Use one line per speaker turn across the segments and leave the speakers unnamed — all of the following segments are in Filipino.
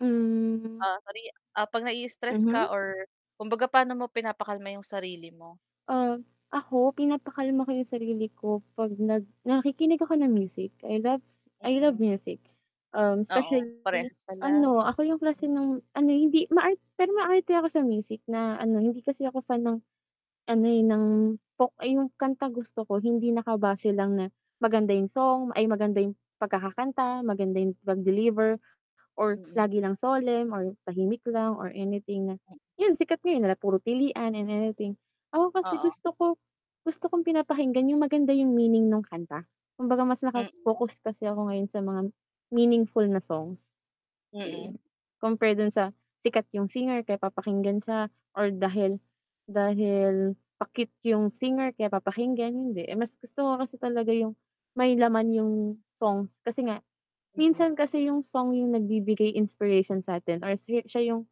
Hmm.
Ah. [unintelligible] Ah, 'pag na-i-stress ka
Mhm.
or kumbaga paano mo pinapakalma yung sarili mo?
Ah, ako pinapakalma ko yung sarili ko 'pag nag nakikinig ako ng music, I love, I love
Mm.
music, um,
Oo,
specially
parehas pala.
ano ako yung klase
Mm.
ng ano eh hindi maar pero maarte ako sa music na ano hindi kasi ako fan ng ano, eh, ng folk ay yung kantang gusto ko hindi nakabase lang na maganda yung song ay, maganda yung pagkakakanta, maganda yung pag-deliver or
Mm.
lagi lang solemn or tahimik lang or anything na 'yun sikat ngayon na puro pilian and anything. Ako kasi
Oo.
gusto ko, gusto kong pinapakinggan yung maganda yung meaning nung kanta, kumbaga mas
Mm.
nakafocus kasi ako ngayon sa mga meaningful na song.
Mm.
[unintelligible] Compare do'n sa sikat yung singer kaya papakinggan siya or dahil, dahil pa-cute yung singer kaya papakinggan, hindi, eh, mas gusto ko kasi talaga yung may laman yung song. Kasi nga,
Mm.
minsan kasi yung song yung nagbibigay inspiration sa'tin or si siya yung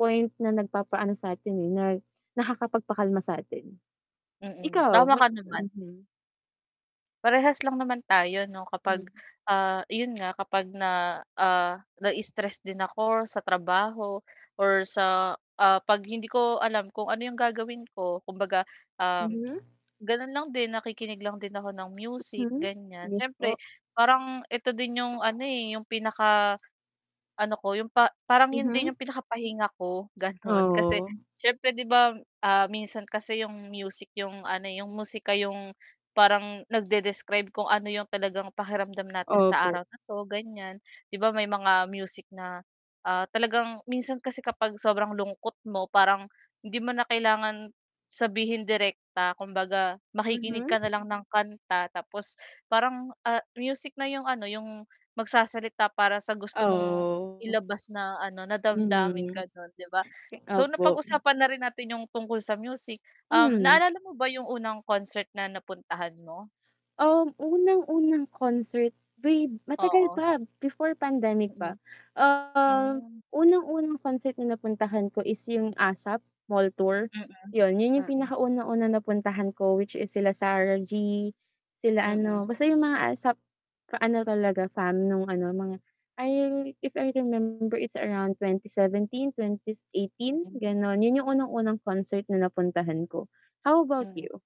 point na nagpapaano sa'tin, eh, nag nakakapagpakalma sa'tin.
Mm,
Ikaw
tama
may
ka naman.
mhm.
Parehas lang naman tayo 'no, kapag,
Hmm.
ah, 'yun nga kapag na, ah, na-i-stress din ako sa trabaho or sa ah, 'pag hindi ko alam kung ano yung gagawin ko kumbaga, um,
Mhm.
gano'n lang din nakikinig lang din ako ng music
Hmm,
ganiyan.
Yes po.
Siyempre parang ito din yung ano, eh, yung pinaka ano ko yung pa parang 'yun din
Mhm.
yung pinakapahinga ko gano'n. Kasi,
Oo.
syempre 'di ba, ah, minsan kasi yung music yung ano, eh, yung musika yung parang nagdedescribe kung ano yung talagang pakiramdam natin sa
Opo.
araw na 'to ganyan. 'Di ba, may mga music na, ah, talagang minsan kasi kapag sobrang lungkot mo parang hindi mo na kailangan sabihin direkta kumbaga, makikinig
Mhm.
ka na lang ng kanta tapos parang, ah, music na yung ano yung magsasalita para sa gusto mong
Oo.
ilabas na ano na damdamin
Mhm.
gano'n, 'di ba? So
Opo, hm.
napag-usapan na rin natin yung tungkol sa music, um,
Mhm.
naalala mo ba yung unang concert na napuntahan mo?
Um, unang-unang concert way matagal
Oo.
pa before pandemic pa.
Mm.
Ah,
Hmm.
unang-unang concert na napuntahan ko is yung ASAP Mall Tour,
Mm.
'yon. 'Yun yung
Mm.
pinakaunang-unang napuntahan ko which is sila Sarah G, sila
Mm.
ano basta yung mga ASAP ka-ano talaga nung ano mga I if I remember it's around 2017, 2018
Mm.
gano'n. 'Yun yung unang-unang concert na napuntahan ko. How about
Mm.
you?